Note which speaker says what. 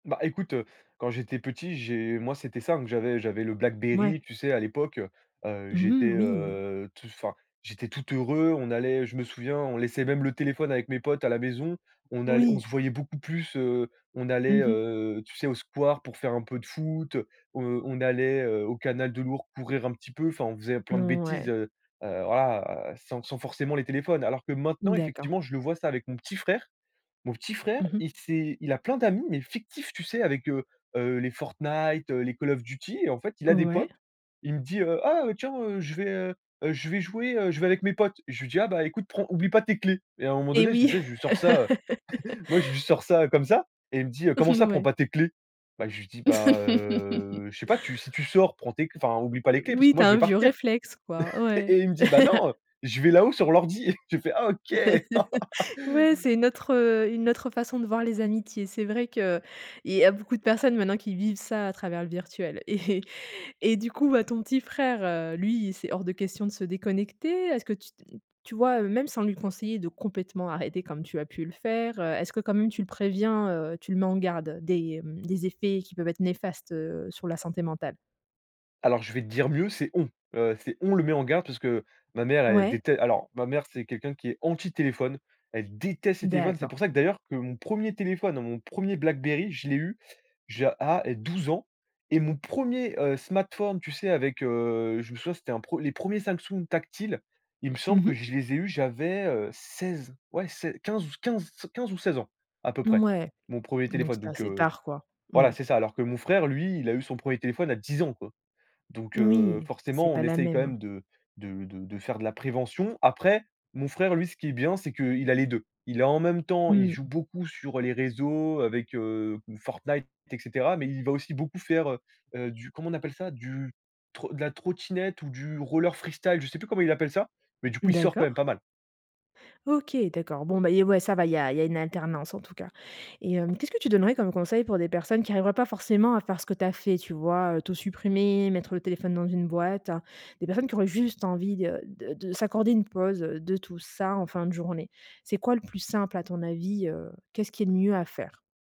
Speaker 1: Bah, écoute, heu, quand j'étais petit, j'ai moi c'était simple, j'avais j'avais le
Speaker 2: Mouais.
Speaker 1: Blackberry, tu sais à l'époque, heu, heu,
Speaker 2: Mmh
Speaker 1: j'étais,
Speaker 2: mh, oui.
Speaker 1: heu, t enfin, j'étais tout heureux, on allait je me souviens, on laissait même le téléphone avec mes potes à la maison, on all on
Speaker 2: Oui.
Speaker 1: se voyait beaucoup plus, heu, on allait,
Speaker 2: Mmh mh.
Speaker 1: heu, tu sais, au square pour faire un peu de foot, heu, on allait, heu, au canal de l'Ourq courir un petit peu, enfin on faisait plein
Speaker 2: N
Speaker 1: de bêtises,
Speaker 2: ouais.
Speaker 1: heu, heu, voilà, sans sans forcément les téléphones. Alors que maintenant
Speaker 2: D'accord.
Speaker 1: effectivement, je le vois ça avec mon petit frère, mon petit frère,
Speaker 2: Mmh mh.
Speaker 1: il s'est il a plein d'amis mais fictifs, tu sais? Avec, heu, heu, les Fortnite, heu, les Call of Duty et en fait, il a des potes,
Speaker 2: Ouais.
Speaker 1: il me dit: «Heu, ah heu, tiens, heu, je vais, heu, je vais jouer, heu, je vais avec mes potes». Je lui dis: «Ah bah, écoute prends oublie pas tes clés». Et à un moment
Speaker 2: Et
Speaker 1: donné, tu
Speaker 2: oui.
Speaker 1: sais, je lui sors ça, heu, moi je lui sors ça comme ça et il me dit: «Comment
Speaker 2: N
Speaker 1: ça "prend
Speaker 2: ouais.
Speaker 1: pas tes clés"?» Bah, je lui dis: «Bah, heu, je sais pas, tu si tu sors, prend tes cl enfin oublie pas les clés parce
Speaker 2: Oui,
Speaker 1: que
Speaker 2: tu
Speaker 1: moi je
Speaker 2: as
Speaker 1: vais
Speaker 2: un vieux
Speaker 1: partir».
Speaker 2: réflexe, quoi. Ouais.
Speaker 1: Et il me dit: «Bah, non, heu, je vais là-haut, sur l'ordi». J'ai fait: «Ah OK».
Speaker 2: Ouais, c'est une autre, heu, une autre façon de voir les amitiés. C'est vrai qu'il y a beaucoup de personnes maintenant qui vivent ça à travers le virtuel. Et et du coup, ouais, ton petit frère, heu, lui, c'est hors de question de se déconnecter? Est-ce que, tu t tu vois, heu, même sans lui conseiller de complètement arrêter comme tu as pu le faire, heu, est-ce que quand même tu le préviens, heu, tu le mets en garde des, mmh, des effets qui peuvent être néfastes, heu, sur la santé mentale?
Speaker 1: Alors, je vais te dire mieux, c'est «on», heu, c'est on le met en garde, parce que ma mère elle
Speaker 2: Ouais.
Speaker 1: déte alors ma mère c'est quelqu'un qui est anti téléphone, elle déteste les téléphones. C'est
Speaker 2: D'accord.
Speaker 1: pour ça que d'ailleurs que mon 1er téléphone, mon 1er Blackberry, je l'ai eu j'ai à 12 ans, et mon 1er, heu, smartphone, tu sais, avec, heu, je me souviens, c'était un pre les 1ers Samsung tactiles, il me
Speaker 2: Mmh
Speaker 1: semble que
Speaker 2: mh.
Speaker 1: je les ai eus j'avais, heu, 16, ouais, sei 15 15 15 ou 16 ans à peu près,
Speaker 2: Mouais,
Speaker 1: mon 1er
Speaker 2: donc
Speaker 1: téléphone.
Speaker 2: c'est
Speaker 1: Donc
Speaker 2: assez
Speaker 1: heu,
Speaker 2: tard, quoi.
Speaker 1: voilà,
Speaker 2: Mouais.
Speaker 1: c'est ça. Alors que mon frère, lui, il a eu son 1er téléphone à 10 ans, quoi. Donc
Speaker 2: N
Speaker 1: heu,
Speaker 2: oui, c'est
Speaker 1: forcément on
Speaker 2: pas la
Speaker 1: essaye quand
Speaker 2: même.
Speaker 1: même de de de de faire de la prévention. Après, mon frère, lui, ce qui est bien, c'est qu'il a les 2. Il a, en même temps, il
Speaker 2: Mmh.
Speaker 1: joue beaucoup sur les réseaux avec, heu, Fortnite, et cetera, mais il va aussi beaucoup faire, heu, heu, du comment on appelle ça? Du tro de la trottinette ou du roller freestyle, je sais plus comment il appelle ça, mais du coup il sort quand même
Speaker 2: D'accord.
Speaker 1: pas mal.
Speaker 2: OK, d'accord, bon, bah et ouais ça va, il y a il y a une alternance en tout cas. Et hem, qu'est-ce que tu donnerais comme conseils pour des personnes qui arriveraient pas forcément à faire ce que tu as fait, tu vois, heu? Tout supprimer, mettre le téléphone dans une boîte. Des personnes qui auraient juste envie de de de s'accorder une pause de tout ça en fin de journée? C'est quoi le plus simple à ton avis, heu, qu'est ce qu'il y a de mieux à faire?